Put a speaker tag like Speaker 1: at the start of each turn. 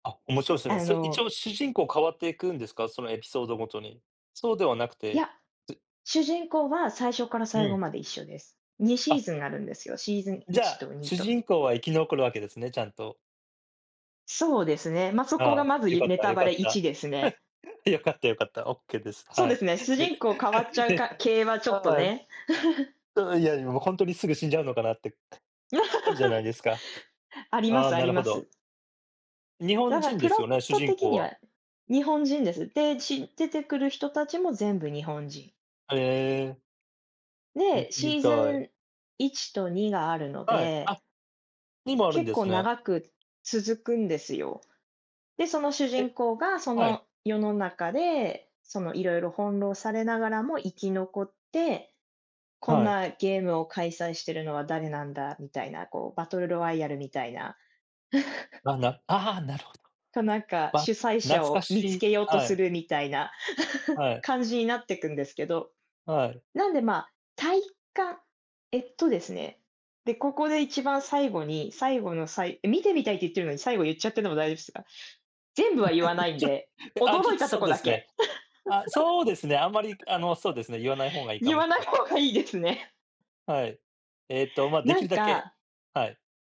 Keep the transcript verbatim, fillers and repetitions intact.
Speaker 1: あ、面白いっすね。
Speaker 2: あ
Speaker 1: それ一
Speaker 2: の
Speaker 1: 応主人公変わっていくんですか？そのエピソードごとに。そうではなく
Speaker 2: いや、
Speaker 1: て、つ
Speaker 2: 主人公は、最初から
Speaker 1: う
Speaker 2: 最後
Speaker 1: ん。
Speaker 2: まで一緒です。にシ
Speaker 1: あ。
Speaker 2: ーズンがあるんですよ、シーズン
Speaker 1: じ
Speaker 2: い
Speaker 1: ゃ
Speaker 2: ち
Speaker 1: あ、
Speaker 2: とに
Speaker 1: 主
Speaker 2: と。
Speaker 1: 人公は生き残るわけですね、ちゃんと。
Speaker 2: そうですね、ま、そこ
Speaker 1: あ
Speaker 2: が
Speaker 1: あ、
Speaker 2: まず
Speaker 1: 良
Speaker 2: い
Speaker 1: かっ
Speaker 2: ネ
Speaker 1: た
Speaker 2: タ
Speaker 1: 良
Speaker 2: バ
Speaker 1: かっ
Speaker 2: レいち
Speaker 1: た。
Speaker 2: ですね。
Speaker 1: 良かった良かった、オッケーです。
Speaker 2: そう
Speaker 1: は
Speaker 2: で
Speaker 1: い。
Speaker 2: すね、主
Speaker 1: で、
Speaker 2: 人公変わっち ゃう
Speaker 1: で
Speaker 2: か系は、ちょっと
Speaker 1: はい。
Speaker 2: ね。
Speaker 1: うん、いや、え、もうほんとにすぐ死んじゃうのかなって、あるじゃないですか。
Speaker 2: ありま
Speaker 1: ああ、
Speaker 2: すあ
Speaker 1: な
Speaker 2: り
Speaker 1: るほ
Speaker 2: ま
Speaker 1: ど。
Speaker 2: す。
Speaker 1: 日本
Speaker 2: だか、
Speaker 1: 人
Speaker 2: プ
Speaker 1: です
Speaker 2: ロッ
Speaker 1: よね？主
Speaker 2: ト
Speaker 1: 人
Speaker 2: 的
Speaker 1: 公
Speaker 2: に
Speaker 1: は。
Speaker 2: は日本人です、で、ち出てくる人達も全部日本人。
Speaker 1: へえ。見
Speaker 2: で、
Speaker 1: てみ
Speaker 2: シー
Speaker 1: た
Speaker 2: ズ
Speaker 1: い。
Speaker 2: ンいちとにがあるの
Speaker 1: はい、
Speaker 2: で
Speaker 1: あ、にもあるん
Speaker 2: 結
Speaker 1: で
Speaker 2: 構
Speaker 1: すね。
Speaker 2: 長く続くんですよ。で、その主
Speaker 1: え、
Speaker 2: 人公が、そ
Speaker 1: はい。
Speaker 2: の世の中で、その、色々翻弄されながらも、生き残って、こん
Speaker 1: はい。
Speaker 2: なゲームを開催してるのは誰なんだ？みたいな、こう、バトルロワイヤルみたいな。
Speaker 1: あ、なああ、なるほ
Speaker 2: と、なんか、
Speaker 1: ど。あ、
Speaker 2: 主催
Speaker 1: 懐
Speaker 2: 者
Speaker 1: か
Speaker 2: を見つ
Speaker 1: しい、
Speaker 2: けようと
Speaker 1: は
Speaker 2: す
Speaker 1: い。
Speaker 2: るみたいな
Speaker 1: はい。
Speaker 2: 感じになってくんですけど。
Speaker 1: はい。
Speaker 2: なんで、まあ、体感えっとですね、で、ここで、一番最後に、最後のさいえ、見てみたいって言ってるのに、最後言っちゃってんのも大丈夫すか？全部は言わな いん
Speaker 1: ちょ
Speaker 2: で、
Speaker 1: て、あ、ちょ
Speaker 2: 驚
Speaker 1: っ
Speaker 2: い
Speaker 1: と
Speaker 2: たと
Speaker 1: そう
Speaker 2: こ
Speaker 1: で
Speaker 2: だ
Speaker 1: すね。
Speaker 2: け。
Speaker 1: あ、そうですね、あまり、あの、そうですね、言わない方が いいか
Speaker 2: 言
Speaker 1: も
Speaker 2: わ
Speaker 1: し
Speaker 2: な
Speaker 1: で
Speaker 2: い
Speaker 1: す。
Speaker 2: 方がいいですね。
Speaker 1: はい。ええっと、ま、で
Speaker 2: な
Speaker 1: き
Speaker 2: ん
Speaker 1: るだけ。
Speaker 2: か
Speaker 1: はい。